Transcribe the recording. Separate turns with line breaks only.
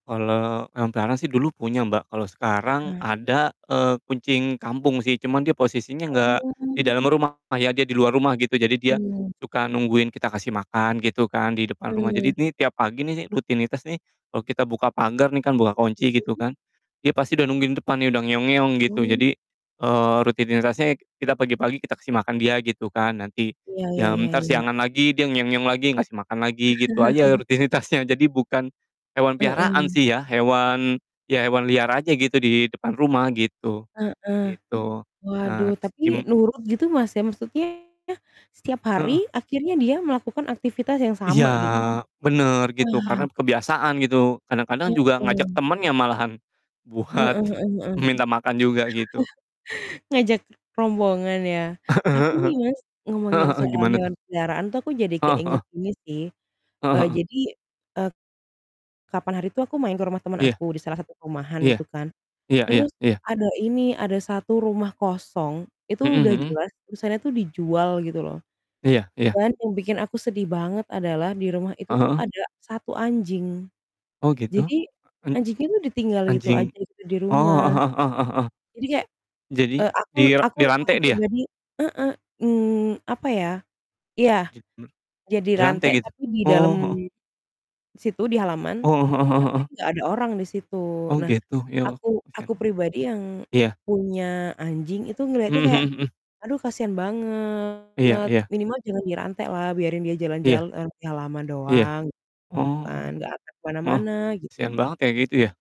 Kalau hewan peliharaan sih dulu punya, Mbak. Kalau sekarang
Heeh.
ada, eee, kucing kampung sih, cuma dia posisinya enggak di
Oh.
dalam rumah ya, dia di luar rumah gitu. Jadi dia,
Mhm.
suka nungguin kita kasih makan gitu kan, di depan rumah.
Heeh.
Jadi ini tiap pagi nih, rutinitas nih, kalau kita buka pagar nih, kan buka
Masa
kunci gitu
sih?
kan. Dia pasti udah nungguin depan nih udah gitu.
Oh.
Jadi, eee, rutinitasnya sek kita pagi-pagi kita kasih makan dia gitu kan, nanti
Iya iya
jam
iya
entar
iya iya.
siangan lagi dia lagi ngasih makan lagi gitu aja rutinitasnya. Jadi bukan hewan peliharaan
Heeh.
sih, ya, hewan, ya, hewan liar aja gitu di depan rumah gitu,
Heeh.
gitu. Eee,
Waduh,
terus
tapi
gim
nurut gitu, Mas, ya maksudnya setiap hari
Heeh.
akhirnya dia melakukan aktivitas yang
Iya,
sama gitu loh.
bener gitu,
Wah!
karena kebiasaan gitu. Kadang-kadang juga ngajak
Mhm.
temennya malahan,
Heeh
buat
heeh heeh.
minta makan juga gitu.
Ngajak rombongan ya. Tapi
Heeh heeh.
nih, Mas,
Heeh
ngomongin
heeh,
soal
gimana, tuh?
hewan peliharaan tuh aku jadi
Heeh heeh.
keinget ini sih,
Heeh
eee,
heeh.
jadi, eee, kapan hari itu aku main ke rumah teman
Iya,
aku di salah satu perumahan
iya.
itu kan.
Iya iya,
Terus,
iya.
ada ini, ada 1 rumah kosong, itu
Mmm,
udah
mhm.
jelas tulisannya tuh dijual gitu loh.
Iya iya.
Dan yang bikin aku sedih banget adalah di rumah itu
Eh,
tuh
heeh.
ada 1 anjing.
Oh, gitu?
Jadi
En
anjingnya tuh ditinggal gitu aja
anjing
gitu di
oh,
rumah.
heeh heeh heeh heeh heeh.
Jadi kayak
Jadi
eee, aku
dira
aku aku
dirantai dia?
pribadi heeh, mmm, apa ya iya,
Git m
dia
dirantai
rantai
gitu?
tapi di dalam
Oh, heeh.
situ di halaman,
Oh, heeh heeh heeh
tapi
heeh.
nggak ada orang di situ.
Oh
Nah
gitu. Ya Allah,
aku
kasian
aku
amat.
pribadi yang
Iya.
punya anjing itu ngelihatnya
Mmm,
kayak
mhm mhm.
aduh kasihan banget.
Iya iya.
Minimal jangan dirantailah, biarin dia
Iya.
jalan-jalan di halaman
Iya.
doang gitu kan,
Oh,
gak akan ke
heeh.
mana-mana gitu.
Kasihan banget kayak gitu ya.